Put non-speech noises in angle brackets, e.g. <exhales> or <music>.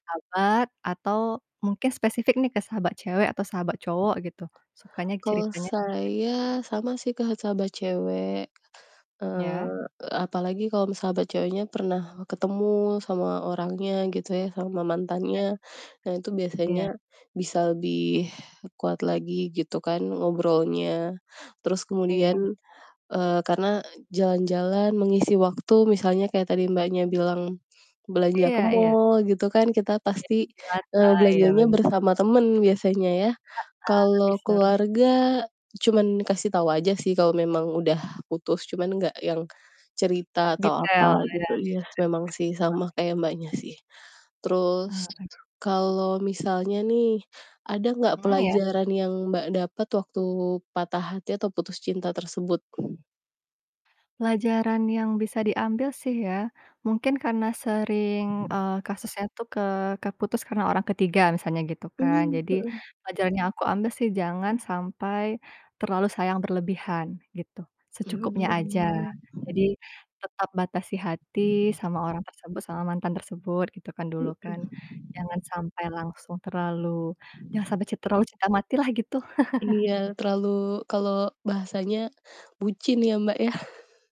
Sahabat atau mungkin spesifik nih ke sahabat cewek atau sahabat cowok gitu, sukanya Kalau ceritanya saya, sama sih, Kak, sahabat cewek. Iya. Eee, apalagi kalau me sahabat ceweknya pernah, ketemu sama orangnya gitu ya, sama A mantannya, nah itu biasanya iya. bisa lebih kuat lagi gitu kan ngobrolnya. Terus Iya, kemudian, benar. eee, karena jalan-jalan mengisi waktu, misalnya kaya tadi Mbaknya bilang, belanja ke Iya iya. mall gitu kan, kita Iya, pasti, cuci mata, eee, iya belanjanya ben bersama temen biasanya ya. Heeh, Kalau t-shirt. keluarga, cuman kasih tau aja sih, kalau memang udah putus, cuman gak yang cerita atau Detail. Oh, apa iya iya. gitu iya, memang sih sama <unintelligible> kayak Mbaknya sih. Eee, Terus ek kalo misalnya nih, ada gak Mhm, iya. pelajaran yang Mbak dapet waktu patah hati atau putus cinta tersebut? <exhales> Pelajaran yang bisa diambil sih ya, mungkin karena sering, eee, kasusnya tuh ke ke putus karena orang ketiga, misalnya gitu kan, Hmm, jadi mhm. pelajaran yang aku ambil sih, jangan sampai terlalu sayang berlebihan, gitu. Mhm Secukupnya aja. mhm. Jadi tetap batasi hati sama orang tersebut, sama mantan tersebut, gitu kan dulu Mhm. kan. Jangan sampai langsung terlalu jangan sampai cin terlalu cinta matilah, gitu. <chuckles> Iya, terlalu kalau bahasanya bucin ya, Mbak ya. <chuckles>